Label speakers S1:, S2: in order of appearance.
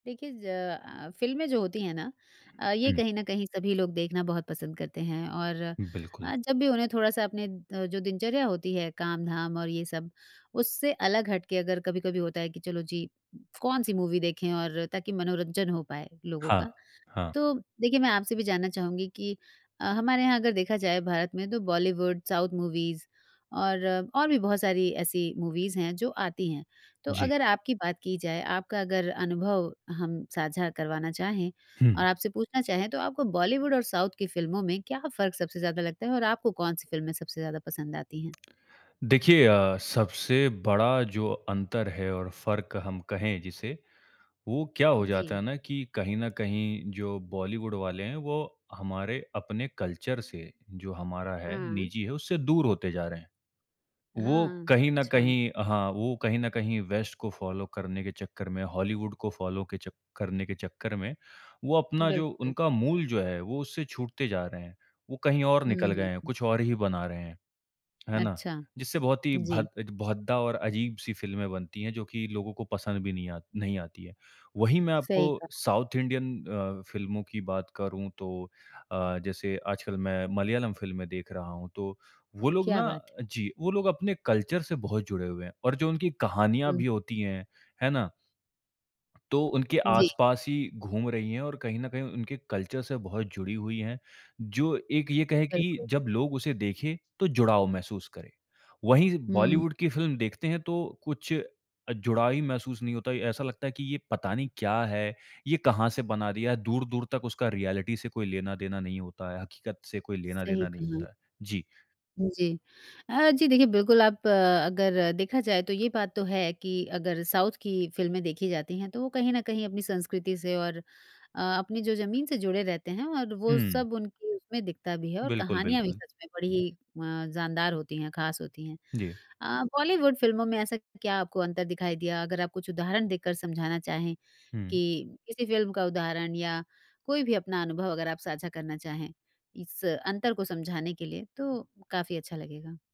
S1: देखिए ज़ अ, फ़िल्में जो होती हैं ना? अ, ये
S2: हुँ।
S1: कहीं न कहीं सभी लोग देखना बहुत पसंद करते हैं और
S2: बिल्कुल।
S1: अ, जब भी उन्हें थोड़ा-सा अपने अ, जो दिनचर्या होती है, काम-धाम और ये सब उससे अलग हट के अगर कभी-कभी होता है कि चलो जी, कौन-सी मूवी देखें और ताकि मनोरंजन हो पाए लोगों
S2: हाँ,
S1: का?
S2: हाँ।
S1: तो देखिए मैं आपसे भी जानना चाहूँगी कि अ, हमारे यहाँ अगर देखा जाए भारत में तो बॉलीवुड, साउथ मूवीज़ और और भी बहुत सारी ऐसी मूवीज़ हैं, जो आती हैं। तो
S2: जी।
S1: अगर आपकी बात की जाए, आपका अगर अनुभव हम साझा करवाना चाहें और
S2: हुँ।
S1: आपसे पूछना चाहे तो आपको बॉलीवुड और साउथ की फ़िल्मों में क्या फ़र्क सबसे ज़्यादा लगता है और आपको कौन-सी फिल्में सबसे ज़्यादा पसंद आती हैं?
S2: देखिए अ, सबसे बड़ा जो अंतर है और फ़र्क हम कहें जिसे, वो क्या हो
S1: उ,
S2: जाता है
S1: जी।
S2: ना कि कहीं न कहीं जो बॉलीवुड वाले हैं, वो हमारे अपने कल्चर से जो हमारा है,
S1: हुँ।
S2: निजी है, उससे दूर होते जा रहे हैं। वो
S1: हाँ,
S2: कहीं न
S1: अच्छा।
S2: कहीं हाँ, वो कहीं न कहीं वेस्ट को फॉलो करने के चक्कर में, हॉलीवुड को फॉलो के चक्क करने के चक्कर में, वो अपना जो
S1: बिल्कुल।
S2: उनका मूल जो है, वो उससे छूटते जा रहे हैं, वो कहीं और
S1: हुँ,
S2: निकल गए हैं,
S1: हुँ।
S2: कुछ और ही बना रहे हैं। है ना?
S1: अच्छा।
S2: जिससे बहुत ही
S1: उ, जी।
S2: भद्द अ, भद्दा और अजीब-सी फ़िल्में बनती हैं जो कि लोगों को पसंद भी नहीं आ नहीं आती हैं। वही मैं आपको
S1: सही कहा।
S2: साउथ इंडियन अ, फ़िल्मों की बात करूँ तो अ, जैसे आजकल मैं मलयालम फ़िल्में देख रहा हूँ, तो वो लोग
S1: क्या
S2: ना
S1: बात है?
S2: जी, वो लोग अपने कल्चर से बहुत जुड़े हुए हैं, और जो उनकी कहानियाँ
S1: हुँ।
S2: भी होती हैं, है ना? तो उनके
S1: जी।
S2: आस-पास ही घूम रही हैं और कहीं न कहीं उनके कल्चर से बहुत जुड़ी हुई हैं। जो एक ये कहे कि
S1: बिल्कुल।
S2: जब लोग उसे देखे, तो जुड़ाव महसूस करे, वहीं
S1: हुँ।
S2: बॉलीवुड की फ़िल्म देखते हैं तो कुछ अ, जुड़ाव ही महसूस नहीं होता है। ऐसा लगता है कि ये पता नहीं क्या है, ये कहाँ से बना दिया है, दूर-दूर तक उसका रियलिटी से कोई लेना देना नहीं होता है, हकीकत से कोई लेना
S1: सही
S2: देना नहीं
S1: कहा।
S2: होता है। जी।
S1: हुँ, जी। अ, जी देखिए बिल्कुल आप अ, अगर देखा जाए तो ये बात तो है कि अगर साउथ की फिल्में देखी जाती हैं, तो वो कहीं न कहीं अपनी संस्कृति से और अ, अपनी जो ज़मीन से जुड़े रहते हैं और वो
S2: हुँ।
S1: सब उनकी उसमें दिखता भी है और
S2: बिल्कुल,
S1: कहानियाँ भी
S2: बिल्कुल।
S1: सच में बड़ी अ, जानदार होती हैं, खास होती हैं।
S2: जी।
S1: अ, बॉलीवुड फ़िल्मों में ऐसा क्या आपको अंतर दिखाई दिया? अगर आप कुछ उदाहरण देकर समझाना चाहें,
S2: हुँ।
S1: कि किसी फ़िल्म का उदाहरण या कोई भी अपना अनुभव अगर आप साझा करना चाहें, इस अंतर को समझाने के लिए तो काफ़ी अच्छा लगेगा।